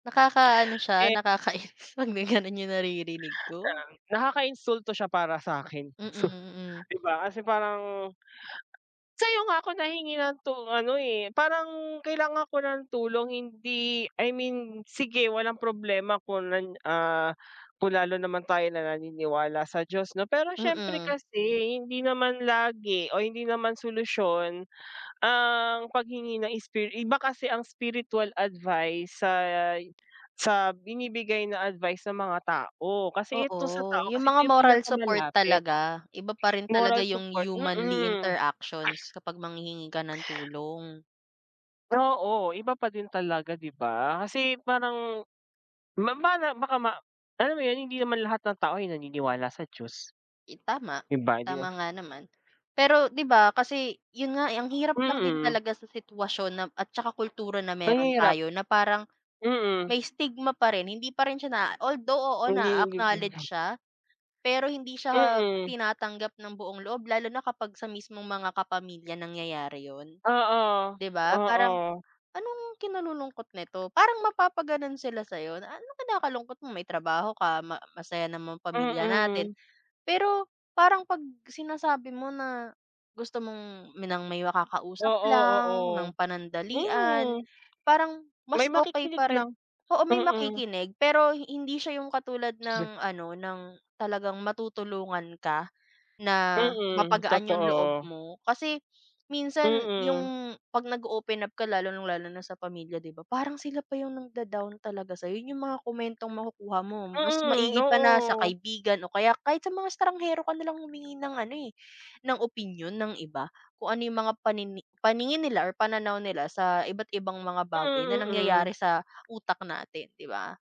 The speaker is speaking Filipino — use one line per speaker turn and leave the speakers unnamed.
Nakakaano siya
Eh.
nakakainis 'pag may gano'n yung naririnig ko.
Um, nakakainsulto siya para sa'kin,
Mm, mm.
'di ba, kasi parang sa'yo nga ako nahingi ng tu ano, eh, parang kailangan ko ng tulong hindi I mean sige walang problema kung nan, ah, kung lalo naman tayo na naniniwala sa Diyos 'no, pero siyempre
Mm.
kasi hindi naman lagi o hindi naman solusyon ang paghingi ng spir iba kasi ang spiritual advice sa sa binibigay na advice ng mga tao kasi ito sa
Oo,
tao
yung
kasi
mga
ito yung
moral support
pinakamalapit.
talaga iba pa rin talaga
Moral
yung
support
humanly
mm.
interactions kapag manghihingi ka ng tulong.
Oo, iba pa din talaga di ba, kasi parang ma mara baka ma alam mo yun hindi naman lahat ng tao ay naniniwala sa Diyos.
I tama, tama
[unintelligible]
nga naman. Pero di ba kasi 'yon nga, eh, ang hirap lang din
Mm.
talaga sa sitwasyon na at saka kultura na
Ang
meron
hirap.
tayo na parang
Mm.
may stigma pa rin, hindi pa rin siya na although, oo
Hindi yung [unintelligible]
na-a-acknowledge siya. Pero hindi siya
Mm.
tinatanggap ng buong loob, lalo na kapag sa mismong mga kapamilya nangyayari 'yon.
Oo,
Di ba, parang,
oo.
"Anong kinalulungkot nito?" Parang mapapagano'n sila sa'yo na, "Anong kinakalungkot mo may trabaho ka ma masaya naman pamilya natin."
Mm.
Pero parang 'pag sinasabi mo na gusto mong ng may makakausap
Oo,
lang ng
oo,
panandalian
mm.
parang
May
mas okey
makikinig
pa rin
lang,
oo, may
mm.
makikinig pero hindi siya yung katulad
[unintelligible]
ng ano, ng talagang matutulungan ka na
Mm,
mapagaan yung loob
totoo.
mo. Kasi minsan
Mm.
yung 'pag nag-o-open up ka lalo ng lalo na sa pamilya di ba, parang sila pa yung nang-da-down talaga sa'yo yung mga komentong makukuha mo mas
Mm,
maigi pa na sa
oo.
kaibigan o kaya kahit sa mga estanghero ka nalang humingi ng ano, eh, ng opinyon ng iba kung ano yung mga panini paningin nila or pananaw nila sa iba't ibang mga bagay na
Mm, mm.
nangyayari sa utak natin, di ba?